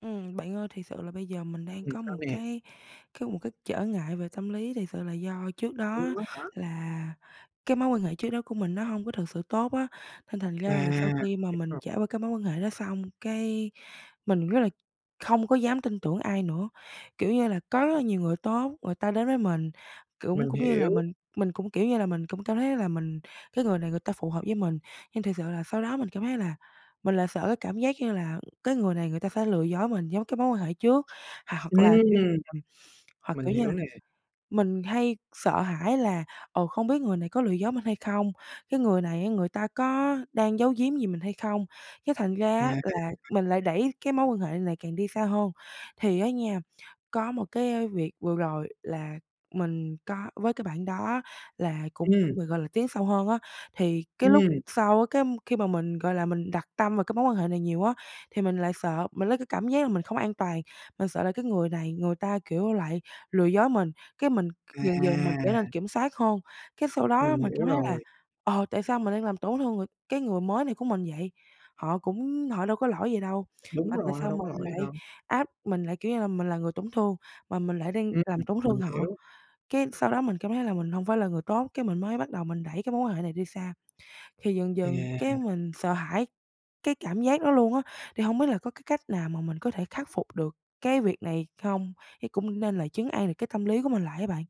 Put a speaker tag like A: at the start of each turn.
A: Ừm, bạn ơi, thiệt sự là bây giờ mình đang
B: Ừm,
A: có
B: sao
A: một
B: nè?
A: cái cái một cái trở ngại về tâm lý. Thiệt sự là do trước đó
B: Luôn á hả?
A: là cái mối quan hệ trước đó của mình nó hông có thực sự tốt á, nên thành
B: À,
A: ra là sau khi mà
B: hiểu
A: mình
B: rồi.
A: trải qua cái mối quan hệ đó xong, cái mình rất là không có dám tin tưởng ai nữa. Kiểu như là có rất là nhiều người tốt, người ta đến với mình cũng
B: Mình
A: cũng như là
B: hiểu.
A: mình mình cũng, kiểu như là, mình cũng cảm thấy là mình cái người này người ta phù hợp với mình, nhưng thiệt sự là sau đó mình cảm thấy là mình lại sợ cái cảm giác, như là, cái người này người ta sẽ lừa dối mình giống cái mối quan hệ trước. Hoặc hoặc là, kiểu
B: Ừm.
A: [unintelligible] hoặc,
B: Mình
A: kiểu như
B: hiểu
A: là,
B: nè.
A: mình hay sợ hãi là, ờ, không biết người này có lừa dối mình hay không? Cái người này á, người ta có đang giấu giếm gì mình hay không? Cái thành ra á,
B: À.
A: là mình lại đẩy cái mối quan hệ này càng đi xa hơn. Thì á nha, có một cái việc vừa rồi là mình có với cái bạn đó là cùng
B: Ừm.
A: với mình, gọi là, tiến sâu hơn á, thì cái lúc
B: Ừm.
A: sau á, cái khi mà mình, gọi là, mình đặt tâm về cái mối quan hệ này nhiều á thì mình lại sợ, mình lấy cái cảm giác là mình không an toàn. Mình sợ là cái người này người ta, kiểu, lại lừa dối mình, cái mình c dần dần mình trở nên
B: À.
A: kiểm soát hơn. Cái sau đó á là
B: Mình
A: mình
B: hiểu
A: cảm thấy là,
B: rồi.
A: ờ, tại sao mình đang làm tổn thương người cái người mới này của mình vậy, họ cũng họ đâu có lỗi gì đâu,
B: Đúng
A: mà tại
B: rồi, họ
A: sao
B: đâu
A: mình
B: có lỗi gì
A: lại
B: đâu.
A: áp mình lại, kiểu như là, mình là người tổn thương, mà mình lại đang
B: Ừm,
A: làm tổn thương
B: mình
A: họ?
B: hiểu.
A: Cái sau đó mình cảm thấy là mình hông phải là người tốt, cái mình mới bắt đầu mình đẩy cái mối quan hệ này đi xa. Thì dần
B: Thì
A: dần cái
B: à.
A: mình sợ hãi cái cảm giác đó luôn á! Thì hông biết là có cái cách nào mà mình có thể khắc phục được cái việc này không? Thấy cũng nên là trấn an được cái tâm lý của mình lại á bạn.